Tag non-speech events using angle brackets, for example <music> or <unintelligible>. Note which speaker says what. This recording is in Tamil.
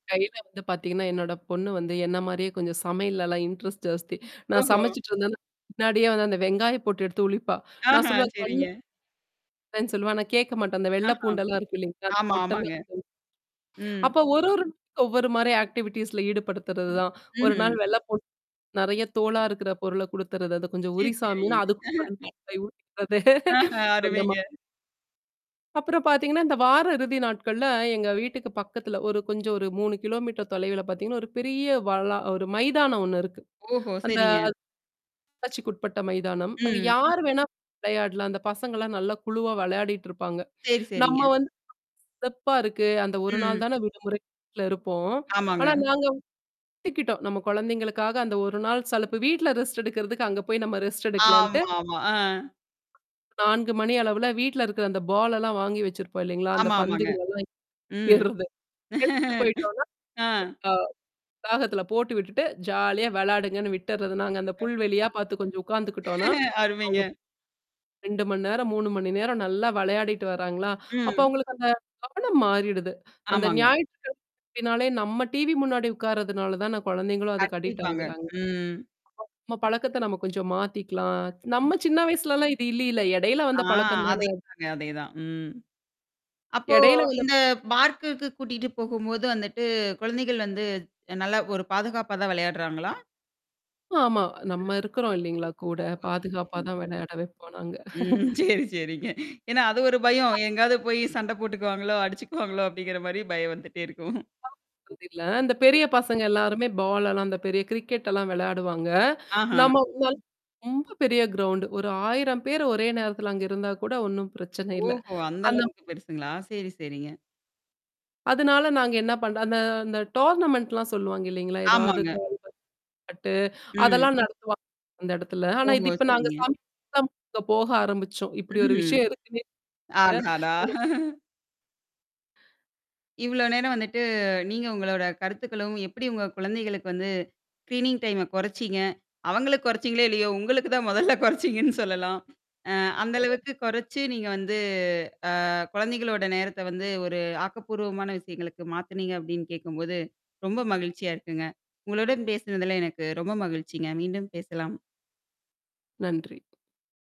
Speaker 1: கையில வந்து பார்த்தீங்கன்னா, என்னோட பொண்ணு வந்து என்னமாரியே கொஞ்சம் சமையல்லல்லாம் இன்ட்ரெஸ்ட் ஜாஸ்தி. நான்
Speaker 2: ஓஹோ!
Speaker 1: சமைச்சுட்டு இருந்தேன்னா. பின்னாடியே வந்து அந்த வெங்காய போட்டு எடுத்து உரிப்பா. நான்
Speaker 2: ஆஹா,
Speaker 1: சொல்லுவேன் கண்ணு
Speaker 2: சரிங்க.
Speaker 1: <unintelligible> சொல்லுவேன். நான் கேட்க மாட்டா! அந்த வெள்ளை
Speaker 2: ஆஹா.
Speaker 1: பூண்டெல்லாம் இருக்கும் இல்லேங்களா! அந்த
Speaker 2: ஆமா,
Speaker 1: பொட்டல்லாம்
Speaker 2: ஆமாங்க. ம்.
Speaker 1: அப்ப ஒரு ஒரு ஒவ்வொருமாரி ஆக்டிவிட்டீஸ்ல ஈடுபடுத்துறது தான். 1 நாள்
Speaker 2: ம்ஹ்ம்.
Speaker 1: வெள்ள பூ நெறைய தோளா இருக்கிற பொருள குடுத்துறது. அது கொஞ்சம் உரி
Speaker 2: <unintelligible>
Speaker 1: சாமின்னு
Speaker 2: <chuckles>
Speaker 1: <unintelligible>
Speaker 2: ஆஹ,
Speaker 1: <laughs> அந்த மா
Speaker 2: அருமைங்க.
Speaker 1: அப்புறம் பார்த்தீங்கன்னா, இந்த வார இறுதி நாட்கள்ல எங்க வீட்டுக்கு பக்கத்துல ஒரு கொஞ்சம் ஒரு 3 கிலோமீட்டர் தொலைவுல பார்த்தீங்கன்னா, ஒரு பெரிய வளா ஒரு மைதானம் ஒன்னு இருக்கு.
Speaker 2: ஓஹோ!
Speaker 1: அந்த
Speaker 2: சரிங்க.
Speaker 1: <unintelligible> உட்பட்ட மைதானம். அங்க
Speaker 2: ம்.
Speaker 1: யார் வேணாம் <unintelligible> விளையாட்லாம். அந்த பசங்கலாம் நல்ல குழுவா விளையாடிட்டு இருப்பாங்க.
Speaker 2: சரி,
Speaker 1: நம்ம
Speaker 2: சரிங்க.
Speaker 1: வந்து <unintelligible> சிறப்பா இருக்கு. அந்த 1
Speaker 2: ம்.
Speaker 1: நாள் தானே விடுமுறையில இருப்போம்.
Speaker 2: ஆமாங்க.
Speaker 1: ஆனா நாங்க <unintelligible> எடுத்துக்கிட்டோம். நம்ம குழந்தைங்களுக்காக அந்த 1 நாள் சலிப்பு வீட்ல ரெஸ்ட் எடுக்கிறதுக்கு அங்க போய் நம்ம ரெஸ்ட் எடுக்கலான்ட்டு.
Speaker 2: ஆமா, ஆமா. ஆ.
Speaker 1: 4 மணி அளவுல வீட்ல இருக்கிற அந்த பால் எல்லாம் வாங்கி வச்சிருப்போம் இல்லேங்களா! அந்த
Speaker 2: ஆமா, ஆமாங்க.
Speaker 1: பந்துகள
Speaker 2: ம்.
Speaker 1: எல்லாம் <unintelligible> எடுத்துட்டு
Speaker 2: <chuckles>
Speaker 1: போயிட்டோனா,
Speaker 2: ஆ.
Speaker 1: அ வளாகத்தில போட்டு விட்டுட்டு ஜாலியா விளையாடுங்கன்னு விட்டுர்றது. நாங்க அந்த
Speaker 2: <unintelligible>
Speaker 1: புல் வெளியா பார்த்து கொஞ்சம் உட்காந்துக்கிட்டோன்னா.
Speaker 2: <chuckles> அருமைங்க.
Speaker 1: அவுங்க 2 மணி நேரம், 3 மணி நேரம் நல்லா விளையாடிட்டு வராங்களா! அப்ப
Speaker 2: ம்.
Speaker 1: அவுங்களுக்கு அந்த கவனம் மாறிடுது. அந்த
Speaker 2: ஆமாங்க.
Speaker 1: ஞாயிற்றுக்கிழமை அப்பிடினாலே நம்ம டிவி முன்னாடி உட்கார்றதுனால தான, குழந்தைங்களும் அதுக்கு அடிக்ட்
Speaker 2: கண்டிப்பாங்க.
Speaker 1: ஆகுறாங்க. <unintelligible>
Speaker 2: ம்.
Speaker 1: நம்ம பழக்கத்த நம்ம கொஞ்சம் மாத்திக்கலாம்.
Speaker 2: ம்.
Speaker 1: நம்ம சின்ன வயசுலலாம் இது இல்லையில. இடையில
Speaker 2: ஆ
Speaker 1: வந்த பழக்கம் தானே அ
Speaker 2: அதேதாங்க அதேதான். ம். அப்போ
Speaker 1: இடையில வந்த
Speaker 2: இந்த பார்க்குக்கு கூட்டிட்டு போகும்போது வந்துட்டு குழந்தைகள் வந்து நல்லா ஒரு பாதுகாப்பா தான் விளையாடுறாங்களா?
Speaker 1: ஆமா.
Speaker 2: ம்.
Speaker 1: நம்ம இருக்கிறோம் இல்லேங்களா! கூட பாதுகாப்பா
Speaker 2: <unintelligible>
Speaker 1: தான் விளையாட வப்போம் நாங்க.
Speaker 2: ம்.
Speaker 1: <chuckles>
Speaker 2: சரி, சரிங்க. ஏன்னா அது ஒரு பயம்.
Speaker 1: <unintelligible>
Speaker 2: எங்காவது போய் சண்டை போட்டுக்குவாங்களோ! அடிச்சுக்குவாங்களோ! அப்பிடிங்கிறமாரி பயம் வந்துட்டே இருக்கும்.
Speaker 1: <unintelligible> இந்த பெரிய
Speaker 2: ம்.
Speaker 1: பசங்க எல்லாருமே பால் எல்லாம் அந்த பெரிய கிரிக்கெட எல்லாம் விளையாடுவாங்க.
Speaker 2: ஆஹா!
Speaker 1: நம்ம <unintelligible> ரொம்ப பெரிய கிரௌவுன்டு ஒரு 1000 பேர் ஒரே நேரத்தல அங்க இருந்தா கூட ஒன்னும் பிரச்சனை இல்ல.
Speaker 2: ஓஹோ! அந்த
Speaker 1: அந்த
Speaker 2: அளவுக்கு பெருசுங்களா? சரி, சரிங்க.
Speaker 1: அதனால நாங்க என்ன பண்ற அந்த அந்த டோர்னமெண்ட்லாம் சொல்லுவாங்க இல்லேங்களா! ஏதாவது
Speaker 2: ஆமாங்க.
Speaker 1: கால்பந்து <unintelligible>
Speaker 2: ம்.
Speaker 1: அதெல்லாம் நடத்துவாங்க. அந்த இடத்துல. ஆனா, இது
Speaker 2: ஓஹோ!
Speaker 1: இப்ப நாங்க
Speaker 2: சரிங்க.
Speaker 1: சாமி <unintelligible> போக ஆரம்பிச்சோம். இப்பிடி ஒரு
Speaker 2: ம்ஹ்ம்.
Speaker 1: விஷயம் இருக்குன்னே
Speaker 2: அடாடா!
Speaker 1: <unintelligible>
Speaker 2: இவ்ளோ நேரம் வந்துட்டு நீங்க உங்களோட கருத்துக்களும் எப்பிடி உங்க குழந்தைகளுக்கு வந்து ஸ்கிரீனிங் டைம குறைச்சீங்க. அவுங்களுக்கு குறைச்சீங்களே இல்லையோ! உங்களுக்கு தான் மொதல்ல குறைச்சீங்கன்னு சொல்லலாம். அ அந்த
Speaker 1: <unintelligible>
Speaker 2: அளவுக்கு கொறைச்சு நீங்க வந்து அ குழந்தைகளோட நேரத்த வந்து ஒரு ஆக்கப்பூர்வமான விஷயங்களுக்கு மாத்துனீங்க அப்பிடின்னு கேட்கும்போது ரொம்ப மகிழ்ச்சியா இருக்குங்க. உங்களுடன் பேசினதுல எனக்கு ரொம்ப மகிழ்ச்சிங்க. மீண்டும் பேசலாம்.
Speaker 1: நன்றி.